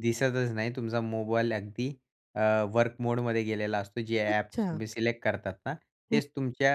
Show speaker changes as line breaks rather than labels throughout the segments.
दिसतच नाही. तुमचा मोबाईल अगदी अ, वर्क मोडमध्ये गेलेला असतो. जे ॲप्स
अच्छा.
तुम्ही सिलेक्ट करतात ना,
हं.
तेच तुमच्या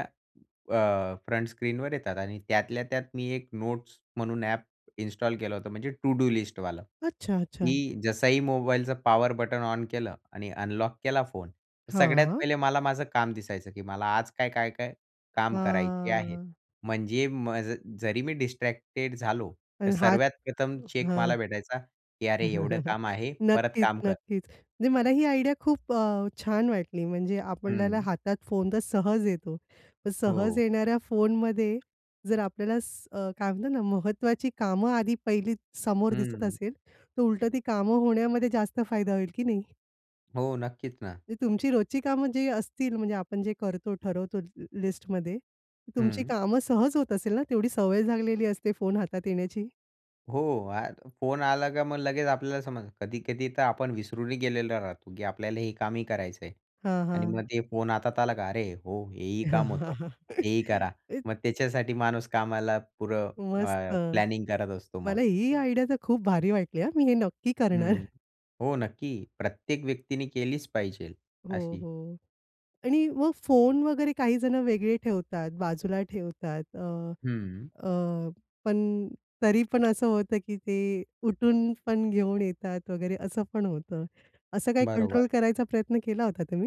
अ, फ्रंट स्क्रीनवर येतात आणि त्यातल्या त्यात मी एक नोट्स म्हणून ॲप इन्स्टॉल केलं होतं, म्हणजे टु डू लिस्टवाला.
अच्छा. अच्छा.
की जसंही मोबाईलचं पॉवर बटन ऑन केलं आणि अनलॉक केला फोन. तर सगळ्यात
हां.
पहिले मला माझं काम दिसायचं. की मला आज काय, काय-काय काम करायचे आहेत?
हां.
म्हणजे म जरी मी डिस्ट्रॅक्टेड झालो, तर
आणि हात
सर्वात प्रथम चेक
हां.
मला भेटायचा की "अरे एवढं काम आहे परत
नक्कीच,
काम कर."
नक्कीच. म्हणजे मला आयडिया खूप अ, छान वाटली. म्हणजे आपल्याला
हं.
हातात फोन तर सहज येतो. पण सहज
हो.
येणाऱ्या फोनमध्ये जर आपल्याला स काय म्हणतात ना, महत्वाची कामं आधी पहिली समोर दिसत
हं.
असेल. तर उलटं ती कामं होण्यामध्ये जास्त फायदा होईल की नाही?
हो. नक्कीच ना.
ते तुमची रोजची कामं जी असतील म्हणजे आपण जे करतो, ठरवतो ली लिस्टमध्ये, तुमची
हं.
कामं सहज होत असेल ना? तेवढी सवय झालेली असते फोन हातात येण्याची.
हो. अ फोन आला का मग लगेच आपल्याला समजतं. कधी-कधी तर आपण विसरूनही गेलेलो राहतो, की आपल्याला हे कामही करायचं आहे.
हां,
आणि
हां.
मग ते फोन हातात आला का, "अरे हो, हे ही काम होतं. ते ही करा" मग त्याच्यासाठी माणूस कामाला पुरं
मस्त.
अ, प्लॅनिंग करत असतो मग.
मला ही आयडिया तर खूप भारी वाटली हां. मी हे नक्की
हं.
करणार.
हो नक्की. प्रत्येक व्यक्तीने केलीच पाहिजे
हो,
अशी.
हो. आणि मग फोन वगैरे काही जण वेगळे ठेवतात बाजूला ठेवतात. अ,
हं.
अ, पण तरी पण असं होतं, की ते उठून पण घेऊन येतात वगैरे असं पण होतं. असं काही कंट्रोल
बरोबर.
करायचा प्रयत्न केला होता तुम्ही?